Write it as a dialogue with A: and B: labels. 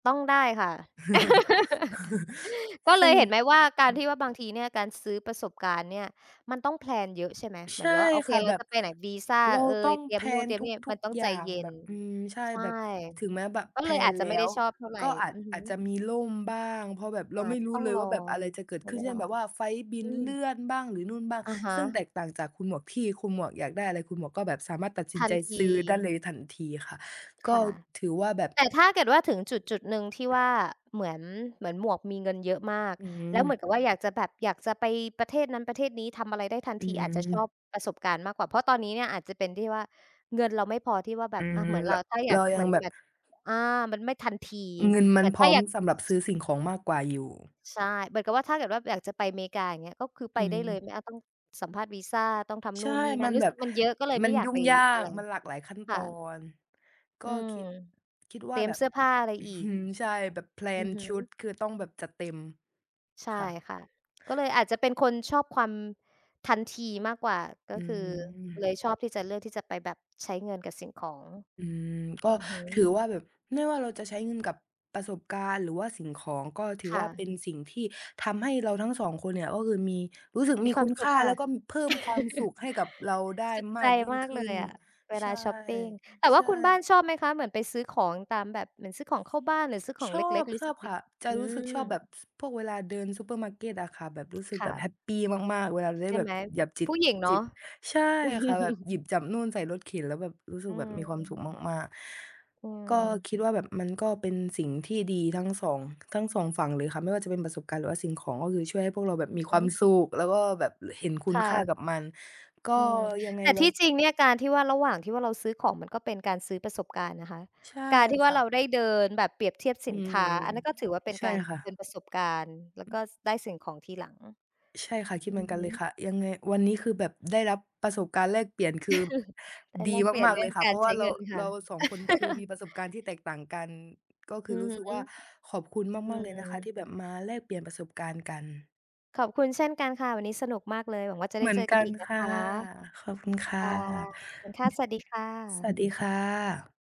A: ต้องได้ค่ะ ก็
B: ซ
A: เล
B: ึ่
A: ย
B: ง
A: เห็นไหมว่า การที่ว่าบางทีเนี่ย การซื้อประสบการณ์เนี่ย มันต้องแพลนเยอะใช่ไหม เห
B: ใ
A: ม
B: ช
A: ือ
B: ่
A: นแบบว่าโอเ
B: ค
A: ค
B: ่ะ
A: เร
B: แบ
A: า
B: บ
A: จะไปไหน วีซา
B: เรา
A: เอ
B: ต้อ
A: ย
B: ง
A: เตรี
B: แ
A: ย
B: พ
A: ม
B: ล
A: นู่น
B: น
A: เตรียมนี่
B: ทุ
A: มั
B: ก
A: นต้อง
B: ๆ อย
A: ใ
B: ่
A: จ
B: าง
A: เย็
B: แบ
A: น
B: บ อืม ใช่
A: ใช่
B: แบบถึงแม้แบบ
A: ก็
B: แพ
A: เล
B: ล
A: ยอ
B: น
A: าจจ
B: แ
A: ะ
B: ล้
A: ไม่ได้
B: ว
A: ชอบเท่าไร
B: ก็อาจ
A: อือฮ
B: อาจจ
A: ึ
B: ะมีล่มบ้าง เพราะแบบเรา
A: อา
B: ไม
A: จ
B: ่
A: จะ
B: รู้
A: ต้อ
B: เ
A: ง
B: ลย
A: ร
B: ว
A: อ
B: ่า แบบอะไรจะเก
A: ใ
B: ิ
A: ช
B: ด
A: ้
B: ขึ้
A: เ
B: น
A: ว
B: เช่
A: ลา
B: นแบบว่าไฟลต์บิ
A: อื
B: นเลื่
A: ม
B: อนบ้าง หรือนู่นบ้าง
A: อะฮ
B: ซึ่งแต
A: ะ
B: กต่างจากคุณหมวกที่ คุณหมวกอยากได้อะไร คุณหมวกก็แบบสามารถตัดสิ
A: ท
B: น
A: ั
B: ใจ
A: นที
B: ซื้อได้เลยทันทีค่ะ ก็
A: ค่ะ
B: ถือว่าแบบ
A: แต่ถ้าเกิดว่าถึงจุด ๆ หนึ่งที่ว่าเหมือน เหมือนหมวกมีเงินเยอะมาก
B: อื
A: แล้
B: ม
A: วเหมือนกับว่าอยากจะแบบ อยากจะไปประเทศนั้นประเทศนี้ทำอะไรได้ทัน
B: อื
A: ที อาจจะชอ
B: ม
A: บประสบการณ์มากกว่า เพราะตอนนี้เนี่ยอาจจะเป็นที่ว่า เงินเราไม่พอที่ว่าแบ
B: อื
A: บ อะ
B: ม
A: เหมือน
B: เ
A: เ
B: ร
A: รา
B: า
A: ถ้าอย
B: เร
A: า
B: า
A: ก
B: ย
A: เห
B: ั
A: มื
B: ง
A: อน
B: แบ
A: แ
B: บ
A: บบ อา มันไม่ทันที
B: เงินม
A: เ
B: ั
A: หมื
B: น
A: อน
B: พ
A: ถ
B: ร
A: ้า
B: ้อ
A: อ
B: ม
A: ยาก
B: สำหรับซื้อสิ่งของมากกว่า อยู่
A: ใช่ เหมือนกับว่าถ้าเกิดว่าอยากจะไปอเมริกาอย่างเงี้ย ก็คือ
B: อ
A: ไ
B: ื
A: ปได้เลย ไม่เอา ต
B: ม
A: ้องสัมภาษณ์วีซา ต้องทำน
B: ใช
A: ู
B: ่
A: ่นนี่น
B: ม
A: ั
B: ั
A: ่น
B: น
A: รู
B: แ
A: ้
B: บ
A: สึ
B: บ
A: กมันเยอะก็เลย
B: ม
A: ไ
B: ั
A: ม่
B: น
A: อยา
B: ย
A: ก
B: ุ่
A: ไ
B: ง
A: ป
B: ยา
A: อะ
B: ก
A: ไร
B: มันหลากหลายขั้น
A: ค
B: ต
A: ่
B: อ
A: ะ
B: น ก็
A: อืม
B: คิด คิด
A: เต
B: ว่า
A: รีย
B: แ
A: ม
B: บ
A: เ
B: บ
A: สื้อผ้าอะไร
B: อื้อ
A: อี
B: ฮ
A: ก
B: ือ ใช่ แบบแพล
A: อื
B: น
A: อฮ
B: ชุ
A: ึ
B: ดคือต้องแบบจัดเต็ม
A: ใช่
B: ค่ะ
A: ค่ะ ก็เลยอาจจะเป็นคนชอบความทันทีมากกว่า ก
B: อ
A: ็
B: ื
A: คือ
B: ม
A: เลยชอบที่จะเลือกที่จะไปแบบใช้เงินกับสิ่งของ
B: อืม ก็
A: อือฮึ
B: ถือว่าแบบไม่ว่าเราจะใช้เงินกับประสบการณ์ หรือว่าสิ่งของ ก็ถือ
A: ค่
B: ว่าเป
A: ะ
B: ็นสิ่งที่ทำให้เราทั้ง 2 คนเนี่ย ก็คือมี รู้สึก
A: ม
B: ม
A: ี
B: ี
A: คว
B: ค
A: าม
B: ุณ
A: ส
B: ค
A: ุข
B: ่า
A: ค
B: แ
A: ่
B: ล
A: ะ
B: ้วก็ ม เพิ่มความสุขให้กับเราได้
A: สุข
B: ม
A: ใจ
B: ากยิ่ง
A: มาก
B: ข
A: เล
B: ึ้น
A: ยอะ เว
B: ใช
A: ลา
B: ่
A: ช็อปปิง แต่
B: ใ
A: ว
B: ช
A: ่าคุณบ้าน
B: ่
A: ชอบไหมคะ เหมือนไปซื้อของตามแบบ เหมือนซื้อของเข้าบ้าน หรือซื้อขอ
B: ช
A: ง
B: อ
A: เล็ก ๆ รู้สึ
B: บ
A: ก
B: ๆ
A: ด
B: ค
A: ี?
B: ่ะ จะ
A: อื
B: รู้สึกชอบแบ
A: ม
B: บ พวกเวลาเดินซูเปอร์มาร์เกตอะค่ะ แบบรู้สึก
A: ค
B: แ
A: ่
B: บบ
A: ะ
B: แฮปปีมาก ๆ เวลาได้
A: ใช่
B: แบ
A: ไห
B: บ
A: ม?
B: หยาบจิ
A: ผู
B: บ
A: ้หญิงเน
B: จ
A: า
B: ิ
A: ะ
B: บ ใช่ค่ะ แบบหยิบจับนู่นใส่รถเข็น แล้วแบบ รู้สึ
A: อื
B: กแบบมีความสุข
A: อ
B: มาก
A: อื
B: ๆ ก็
A: อ
B: คิดว่าแบบ มันก็เป็นสิ่งที่ดีทั้ง 2 ทั้ง 2 ฝั่งเลยค่ะ ไม่ว่าจะเป็นประสบการณ์ หรือว่าสิ่งของก็คือช่วยให้พวกเราแบบ
A: อื
B: ม
A: อ
B: ี
A: ฮ
B: ความ
A: ึ
B: สุข แล้วก็แบบเห็นคุ
A: ค
B: ณ
A: ่
B: ค่าก
A: ะ
B: ับมัน ก็
A: อือ
B: ยังไง
A: แต่
B: ว
A: ท
B: ั
A: ี่
B: น
A: จริงเนี่ยการที่ว่าระหว่างที่ว่าเราซื้อของ มันก็เป็นการซื้อประสบการณ์นะคะ
B: ใช่
A: การที่
B: ค
A: ว่า
B: ่
A: เร
B: ะ
A: าได้เดินแบบเปรียบเทียบ
B: อ
A: ส
B: ื
A: ินค
B: ม
A: ้า อันนั้นก็ถือว่าเป็น
B: ใช่
A: การ
B: ค่
A: เป็
B: ะ
A: นประสบการณ์ แล้วก็ ส ได้สิ่งของทีหลัง
B: ใช่ค่ะ คิด
A: อื
B: เหมือ
A: อ
B: นกั
A: ฮ
B: นเลย
A: ึ
B: ค่ะ ยังไงวันนี้คือแบบได้รับประสบการณ์แลกเปลี่ยน คือ
A: ได้
B: ด
A: แล
B: ี
A: กเปลี่ย
B: ม
A: น
B: าก
A: เร
B: ๆ เ
A: ื
B: ล
A: ่อ
B: ย
A: ง
B: ค่ะ
A: ก
B: เ
A: า
B: พร
A: ร
B: าะว
A: ใช
B: ่า
A: ้
B: เร
A: เ
B: า
A: งินค
B: เ
A: ่
B: ร
A: ะ
B: า 2 คนคือมีประสบการณ์ที่แตกต่างกัน ก็คื
A: อื
B: อร
A: อ
B: ู้
A: ฮ
B: สึก
A: ึ
B: ว่า ขอบคุณ
A: อื
B: มาก ๆ เลยนะคะ
A: อ
B: ที่แบบมาแลกเปลี่ยนประสบการณ์กัน
A: ขอบคุณเช่นกันค่ะ วันนี้สนุกมากเลย หวังว่าจะได
B: เห
A: ้
B: มือ
A: เจ
B: น
A: อก
B: ก
A: ัน
B: ั
A: อ
B: น
A: ีกน
B: ค
A: ะค
B: ่ะ
A: ะ
B: ขอบคุณค
A: ค
B: ่ะ
A: ่ะ ขอบคุณค่ะ สวัสดีค่
B: สว
A: ะ
B: ัสดีค่ะ